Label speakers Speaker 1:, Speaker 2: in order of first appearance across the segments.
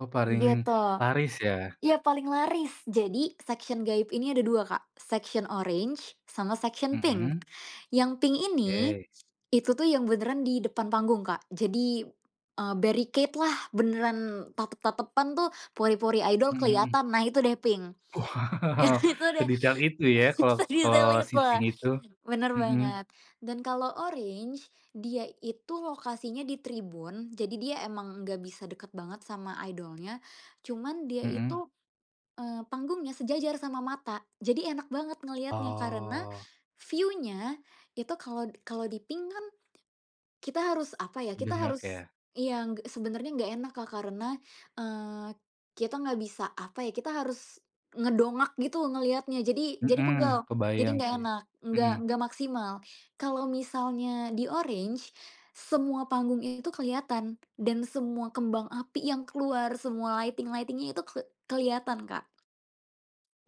Speaker 1: Oh paring
Speaker 2: Gitu,
Speaker 1: laris ya.
Speaker 2: ya paling laris jadi section gaib ini ada 2 Kak, section oranye sama section pink,
Speaker 1: Mhm.
Speaker 2: yang pink ini,
Speaker 1: Oke.
Speaker 2: itu tuh yang beneran di depan panggung Kak jadi, eee, barricade lah beneran tatep-tatepan tuh pori-pori idol
Speaker 1: Mhm.
Speaker 2: keliatan nah itu deh pink,
Speaker 1: Wow
Speaker 2: nah itu deh,
Speaker 1: sedetail itu ya
Speaker 2: s
Speaker 1: kalo kalo
Speaker 2: sedetail itu,
Speaker 1: seating itu,
Speaker 2: bener
Speaker 1: mhm.
Speaker 2: banget, dan kalau oranye dia itu lokasinya di tribun jadi dia emang nggak bisa dekat banget sama idolnya, cuman dia
Speaker 1: Mhm.
Speaker 2: itu, eee, panggungnya sejajar sama mata, jadi enak banget ngeliatnya karena,
Speaker 1: Oh.
Speaker 2: view-nya itu kalo kalo di pink kan, kita harus apa ya, kita
Speaker 1: Dengak
Speaker 2: harus
Speaker 1: ya?
Speaker 2: iya g sebenarnya nggak enak Kak karena, eee, kita nggak bisa apa ya, kita harus, ngedongak gitu ngelihatnya, jadi jadi
Speaker 1: Mhm,
Speaker 2: pegel, jadi
Speaker 1: kebayang
Speaker 2: nggak
Speaker 1: sih,
Speaker 2: enak, nggak
Speaker 1: mhm.
Speaker 2: nggak maksimal, kalau misalnya di oranye, semua panggungnya itu kelihatan dan semua kembang api yang keluar semua lighting-lighting-nya itu ke kelihatan Kak.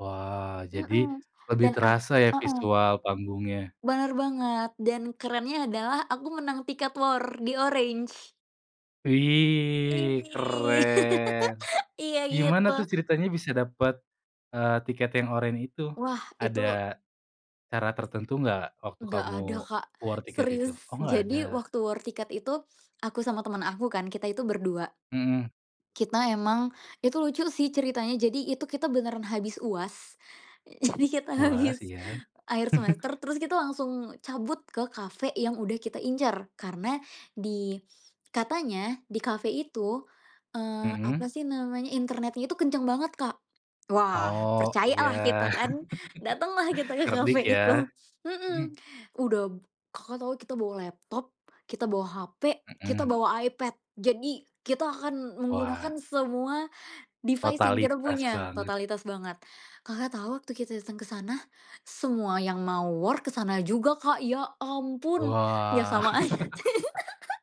Speaker 1: Wah, jadi,
Speaker 2: Mhm,
Speaker 1: lebih
Speaker 2: dan ak
Speaker 1: terasa ya
Speaker 2: heeh.
Speaker 1: visual panggungnya?
Speaker 2: Bener banget dan kerennya adalah aku menang tiket war di oranye.
Speaker 1: Wih
Speaker 2: Ih,
Speaker 1: keren,
Speaker 2: iya
Speaker 1: gimana
Speaker 2: gitu.
Speaker 1: tuh ceritanya bisa dapet, eee, tiket yang oranye itu?
Speaker 2: Wah,
Speaker 1: Ada,
Speaker 2: itu
Speaker 1: cara tertentu gak waktu kamu
Speaker 2: Ga ada Kak,
Speaker 1: war tiket itu? Oh
Speaker 2: serius
Speaker 1: gak ada.
Speaker 2: jadi waktu war tiket itu aku sama temen aku kan kita itu berdua.
Speaker 1: Mhm.
Speaker 2: Kita emang itu lucu sih ceritanya, jadi itu kita beneran habis UAS, jadi kita
Speaker 1: Puas,
Speaker 2: habis
Speaker 1: iya.
Speaker 2: akhir semester terus kita langsung cabut ke cafe yang udah kita incar karena di katanya di cafe itu, eee, apa
Speaker 1: Mhm.
Speaker 2: sih namanya, internetnya itu kenceng banget Kak, wah
Speaker 1: Oh iya.
Speaker 2: percayalah kita kan datanglah kita ke
Speaker 1: Cerdik
Speaker 2: cafe
Speaker 1: ya.
Speaker 2: itu, mhm,
Speaker 1: Mhm
Speaker 2: udah Kakak, tahu kita bawa laptop, kita bawa HP, kita
Speaker 1: Mhm.
Speaker 2: bawa iPad jadi kita akan
Speaker 1: Wah.
Speaker 2: menggunakan semua, device yang kita
Speaker 1: Totalitas
Speaker 2: punya
Speaker 1: banget.
Speaker 2: totalitas banget, Kakak, tau waktu kita datang ke sana semua yang mau war ke sana juga Kak, ya ampun ya
Speaker 1: Wah.
Speaker 2: sama aja.